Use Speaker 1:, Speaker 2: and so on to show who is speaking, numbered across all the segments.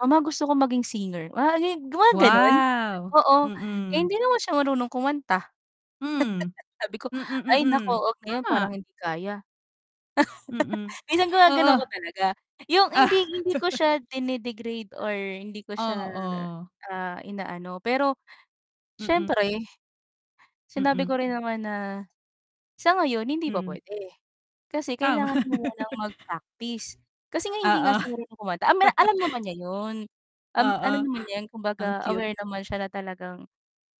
Speaker 1: "Mama, gusto ko maging singer." Wa gi mga gano'n.
Speaker 2: Wow!
Speaker 1: Oo. Eh,
Speaker 2: Mm.
Speaker 1: hindi naman siya marunong kumanta.
Speaker 2: Hmm.
Speaker 1: Sabi ko
Speaker 2: Mm,
Speaker 1: "Ay, naku,
Speaker 2: mm.
Speaker 1: huwag ngayon, parang
Speaker 2: Tama.
Speaker 1: hindi kaya."
Speaker 2: Mm.
Speaker 1: minsan
Speaker 2: Oo.
Speaker 1: ginagano'n ko talaga. 'Yong
Speaker 2: Ah.
Speaker 1: hindi, hindi ko siya dinedegrade or hindi ko siya,
Speaker 2: Oo.
Speaker 1: ah, inaano. Pero
Speaker 2: Mm.
Speaker 1: siyempre sinabi
Speaker 2: Mm.
Speaker 1: ko rin naman na sa ngayon hindi pa
Speaker 2: Hmm.
Speaker 1: puwede. Kasi
Speaker 2: Tama.
Speaker 1: kailangan mo munang mag-practice. Kasi nga hindi nga
Speaker 2: Oo.
Speaker 1: siya marunong kumanta, amina alam naman niya 'yon, um, alam
Speaker 2: Oo.
Speaker 1: naman niya 'yon.
Speaker 2: Ang
Speaker 1: Kumbaga
Speaker 2: cute.
Speaker 1: aware naman siya na talagang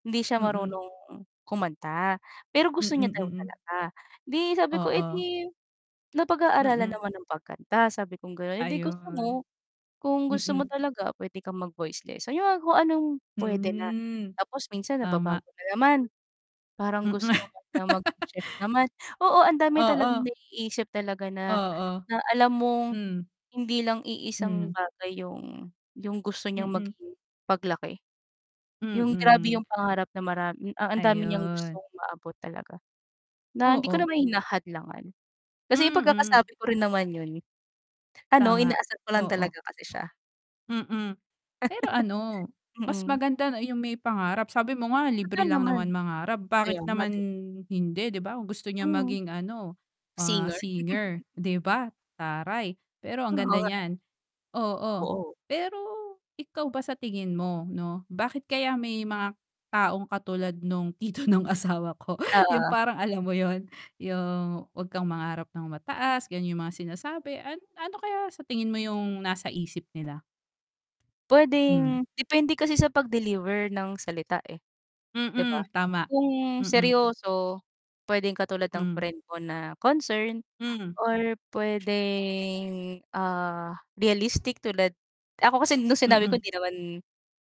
Speaker 1: hindi siya
Speaker 2: Mm.
Speaker 1: marunong kumanta. Pero
Speaker 2: Mm,
Speaker 1: gusto niya daw
Speaker 2: mm.
Speaker 1: talaga. 'Di sabi ko "Eh,
Speaker 2: Oo.
Speaker 1: 'di napag-aaralan
Speaker 2: Mm.
Speaker 1: naman ang pagkanta," sabi kong gano'n, "Eh, 'di gusto
Speaker 2: Ayun.
Speaker 1: mo, kung gusto mo
Speaker 2: Mm.
Speaker 1: talaga puwede kang mag voice lesson." 'Yong ang kung anong puwede na.
Speaker 2: Hmm.
Speaker 1: Tapos minsan
Speaker 2: Tama.
Speaker 1: nababago na naman. Parang gusto
Speaker 2: Mm.
Speaker 1: naman niya maging chef naman. Oo, ang dami talagang
Speaker 2: Oo.
Speaker 1: naiisip talaga na
Speaker 2: Oo.
Speaker 1: na alam mong
Speaker 2: Hmm.
Speaker 1: hindi lang iisang
Speaker 2: Mhm.
Speaker 1: bagay 'yong 'yong gusto niyang
Speaker 2: Mm.
Speaker 1: maging paglaki. 'Yong grabe
Speaker 2: Mm.
Speaker 1: 'yong pangarap na maram a ang dami niyang gustong
Speaker 2: Ayun.
Speaker 1: maabot talaga, na hindi ko
Speaker 2: Oo.
Speaker 1: naman hinahadlangan kasi 'yong
Speaker 2: Mm.
Speaker 1: pagkakasabi ko rin naman 'yon ano,
Speaker 2: Tama.
Speaker 1: inaasar ko lang
Speaker 2: Oo.
Speaker 1: talaga kasi siya.
Speaker 2: Mm. Pero ano, mas
Speaker 1: Mm.
Speaker 2: maganda na 'yong may pangarap. Sabi mo nga
Speaker 1: Totoo
Speaker 2: libre lang
Speaker 1: naman.
Speaker 2: naman mangarap, bakit
Speaker 1: Kaya nga,
Speaker 2: naman
Speaker 1: 'di ba?
Speaker 2: hindi, 'di ba? Kung gusto niyang
Speaker 1: Mhm.
Speaker 2: maging ano, ah,
Speaker 1: Singer?
Speaker 2: singer, 'di ba, taray. Pero ang
Speaker 1: Oo
Speaker 2: ganda
Speaker 1: nga.
Speaker 2: niyan. Oo.
Speaker 1: Oo.
Speaker 2: Pero ikaw ba sa tingin mo 'no, bakit kaya may mga taong katulad no'ng tito no'ng asawa ko 'yong
Speaker 1: Oo.
Speaker 2: parang alam mo 'yon? 'Yong, "Huwag kang mangarap nang mataas." Gano'n 'yong mga sinasabi. Ano ano kaya sa tingin mo 'yong nasa isip nila? Hmm.
Speaker 1: Puwedeng depende kasi sa pag-deliver ng salita, eh, 'di ba?
Speaker 2: Mm, tama.
Speaker 1: Kung
Speaker 2: Mm.
Speaker 1: seryoso, puwedeng katulad ng
Speaker 2: Hmm.
Speaker 1: friend mo na concern
Speaker 2: Hmm.
Speaker 1: or puwedeng, ah, realistic, tulad ako kasi no'ng sinabi ko
Speaker 2: Mm.
Speaker 1: hindi naman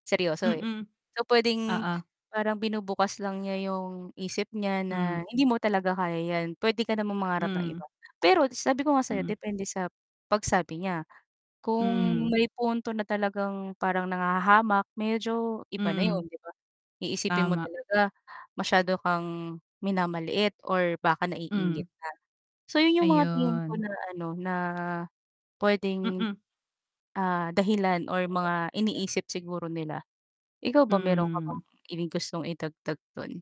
Speaker 1: seryoso, eh.
Speaker 2: Mm.
Speaker 1: So, puwedeng
Speaker 2: Oo.
Speaker 1: parang binubukas lang niya 'yong isip niya na
Speaker 2: Hmm.
Speaker 1: hindi mo talaga kaya 'yan. Puwede ka namang mangarap ng
Speaker 2: Hmm.
Speaker 1: iba. Pero sabi ko nga sa 'yo
Speaker 2: Mm.
Speaker 1: depende sa pagsabi niya. Kung
Speaker 2: Hmm.
Speaker 1: may punto na talagang parang nanghahamak, medyo iba na
Speaker 2: Hmm.
Speaker 1: 'yon, 'di ba? Iisipin mo
Speaker 2: Tama.
Speaker 1: talaga masyado kang minamaliit or baka
Speaker 2: Hmm.
Speaker 1: naiinggit ka. So 'yon 'yong mga tingin ko
Speaker 2: Ayun.
Speaker 1: na ano, na puwedeng,
Speaker 2: Mm.
Speaker 1: ah, dahilan or mga iniisip siguro nila. Ikaw ba, mayro'n ka bang
Speaker 2: Hmm.
Speaker 1: ibig gustong idagdag do'n?